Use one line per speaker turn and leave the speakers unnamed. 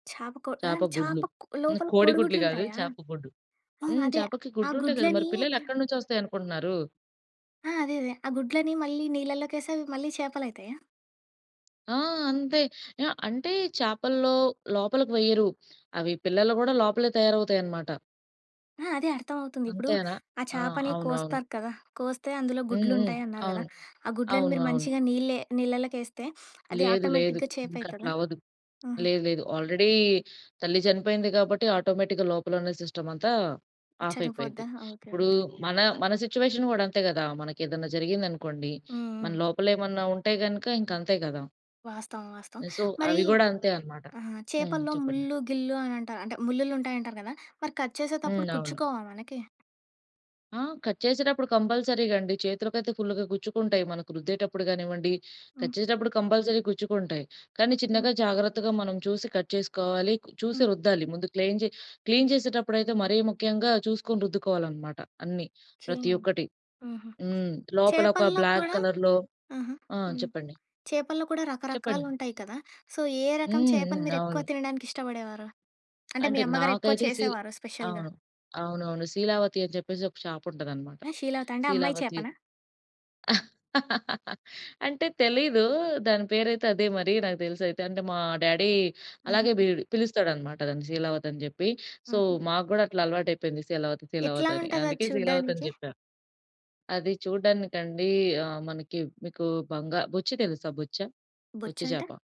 చాపకో
చేప
ఆహ్,
గుడ్లు
చాపక్
హ్మ్,
లోపల
కోడి
కోడి
గుడ్లు గాదు.
గుడ్లుంటాయా?
చేప గుడ్డు.
ఓహ్!
హ్మ్.
అదే
చేపకి
ఆ
గుడ్డుంటాయి గదా! మరి
గుడ్లని
పిల్లలు ఎక్కడ నుంచి వస్తాయనుకుంటున్నారు.
ఆ! అదే, అదే. ఆ గుడ్లని మళ్ళీ నీళ్ళలోకేసి అవి మళ్ళీ చేపలయితాయా?
ఆ! అంతే. ఆహ్, అంటే చేపల్లో లోపలికి వెయ్యరు. అవి పిల్లలు గూడా లోపలే తయారవుతాయనమాట.
ఆ! అదే అర్థమవుతుంది. ఇప్పుడు
అంతేనా?
ఆ
ఆ!
చేపని
అవునవును.
కోస్తారు కదా! కోస్తే అందులో
హ్మ్. హ్మ్.
గుడ్లుంటాయి అన్నారు గదా!
అవును,
ఆ గుడ్లను
అవును,
మీరు
అవును.
మంచిగా నీళ్ళే నీళ్ళలేకేస్తే అది
లేదు, లేదు.
ఆటోమేటిక్‌గా
ఇంకట్లా
చేపయితదా?
అవ్వదు.
హుహు.
లేదు, లేదు ఆల్రెడీ తల్లి చనిపోయింది. కాబట్టి ఆటోమేటిక్‌గా లోపలున్న సిస్టమంతా ఆఫయిపోయింది.
చనిపోద్దా. ఓకే.
ఇప్పుడు
ఓకే.
మన మన సిట్యుయేషన్ గూడా అంతే గదా! మనకేదన్నా జరిగిందనుకోండి,
హ్మ్.
మన
హ్మ్.
లోపల ఏమన్నా ఉంటే గనుక ఇంక అంతే గదా!
వాస్తవం. వాస్తవం.
సో,
మరీ
అవి గూడా అంతే అనమాట.
ఆహ్,
హ్మ్.
చేపల్లో
చెప్పండి.
ముళ్ళు గిల్లు అని అంటారు. అంటే ముల్లులుంటాయి అంటారు గదా! మరి కట్
హ్మ్.
చేసేతప్పుడు
అవును.
కుచ్చుకోవా మనకి?
ఆ! కట్ చేసేటప్పుడు కంపల్సరీగా అండి చేతులకైతే ఫుల్లుగా గుచ్చుకుంటాయి, మనకు రుద్దేటప్పుడు గానివ్వండి, కట్
హ్మ్.
చేసేటప్పుడు కంపల్సరీగా గుచ్చుకుంటాయి. కానీ,
ఓకే.
చిన్నగా జాగ్రత్తగా మనం చూసి కట్ చేసుకోవాలి, చూసి
హ్మ్.
రుద్దాలి. ముందు క్లేన్ జె క్లీన్ జేసేటప్పుడైతే మరీ ముఖ్యంగా చూసుకొని రుద్దుకోవాలనమాట, అన్నీ ప్రతి
చేను,
ఒక్కటి.
హుహు.
హ్మ్. లోపల ఒక
చేపల్లో
బ్లాక్
కూడా
కలర్‌లో
ఆహా!
ఆ!
హ్మ్.
చెప్పండి.
చేపల్లో కూడా
చెప్పండి.
రకరకాలుంటాయి కదా! సో, ఏ రకం
హ్మ్.
చేపని
హ్మ్.
మీరెక్కువ
అవును.
తినడానికి ఇష్టపడేవారు? అంటే మీ
అంటే
అమ్మగారు ఎక్కువ
నాకైతే సీ
చేసేవారు స్పెషల్‌గా.
అవును, అవునవును. శీలావతి అని చెప్పేసి ఒక చాప ఉంటదనమాట.
షీలావతా అంటే అమ్మాయి
శీలావతి.
చేపనా?
అంటే తెలీదు. దాని పేరయితే అదే మరి. నాకు తెలిసయితే. అంటే మా డ్యాడీ
ఆహా!
అలాగే బీడ్ పిలుస్తాడనమాట. దాన్ని శీలావతి అని జెప్పి. సో,
ఆహ!
మాకు గూడా అట్లా అలవాటయిపోయింది, శీలావతి
ఎట్లా
శీలావతని.
ఉంటాది అది
అందుకే శీలావతని
చూడ్డానికి?
చెప్పాను. అది చూడ్డానికండి ఆహ్, మనకి మీకు బంగా బొచ్చ తెలుసా బొచ్చ? బొచ్చ చేప.
బొచ్చంటే?